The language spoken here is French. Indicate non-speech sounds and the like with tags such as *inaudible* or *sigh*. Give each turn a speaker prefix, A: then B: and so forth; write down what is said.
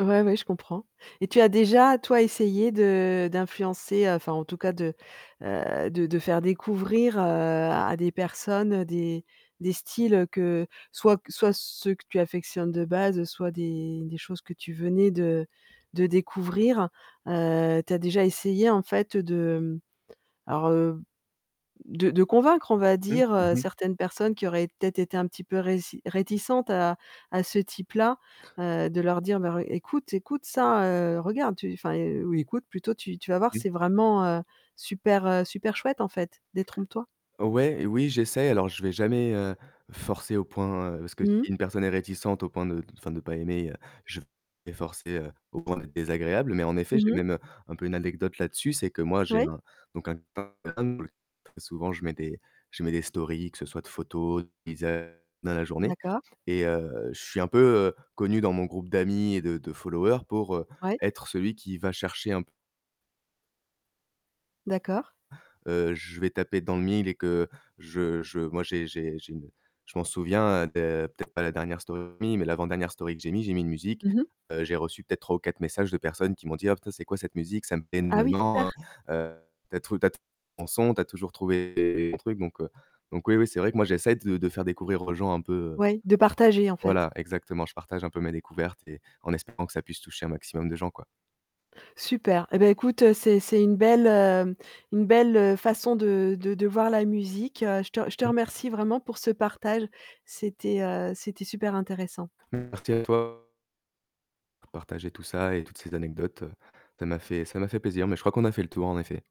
A: Ouais, ouais, je comprends et tu as déjà, toi, essayé de d'influencer, enfin en tout cas de, heu, de de faire découvrir, heu, à des personnes, des des styles que soit q soit ceux que tu affectionnes de base, soit des des choses que tu venais de de découvrir? Heu, tu as déjà essayé en fait de, mmh, alors, heu, de de convaincre, on va
B: Mmh,
A: dire, heu,
B: mmh mh.
A: certaines personnes qui auraient peut-être été un petit peu réci réticentes à à ce type-là, heu, de leur dire: «Bah re écoute écoute, ça, heu, regarde, tu enfin, heu, oui, écoute plutôt, tu tu vas voir,
B: Mmh.
A: c'est vraiment, heu, super, heu, super chouette, en fait. Détrompe-toi»?
B: Ouais, oui, j'essaie alors je vais jamais, heu, forcer au point, heu parce que si
A: Mmh.
B: une personne est réticente au point de d enfin de pas aimer, heu, je vais pas forcer, heu, au point d'être désagréable, mais en effet,
A: Mmh
B: j'ai
A: mh.
B: même un peu une anecdote là-dessus. C'est que moi j'ai
A: Ouais.
B: un donc un *unintelligible* souvent je mets des je mets des stories, que ce soit de photos, de paysages dans la journée
A: D'accord.
B: et heu, je suis un peu, heu, connu dans mon groupe d'amis et de de followers pour, heu,
A: Ouais.
B: être celui qui va chercher un p
A: D'accord.
B: heu, je vais taper dans le mille et que je je moi j'ai j'ai j'ai une je m'en souviens de peut-être pas la dernière story que j'ai mis, mais l'avant-dernière story que j'ai mis, j'ai mis une musique,
A: Mmh mh.
B: heu, j'ai reçu peut-être 3 ou 4 messages de personnes qui m'ont dit: «Oh, putain, c'est quoi cette musique? Ça me plait
A: Ah oui,
B: énormément,
A: super.
B: hein. Heu, tu as trouvé tu as trouvé un bon son, tu as toujours trouvé des des bons trucs», donc heu, donc oui, oui, c'est vrai que moi j'essaie de de faire découvrir aux gens un peu, heu,
A: Ouais, de partager, en fait.
B: voilà, exactement. Je partage un peu mes découvertes et en espérant que ça puisse toucher un maximum de gens, quoi.
A: Super et ben écoute, c'est c'est une belle, heu, une belle, heu, façon de de de voir la musique. Je te je te
B: Mmh.
A: remercie vraiment pour ce partage. C'était, heu, c'était super intéressant.
B: Merci à toi pour partager tout ça et toutes ces anecdotes, ça m'a fait ça m'a fait plaisir, mais je crois qu'on a fait le tour, en effet.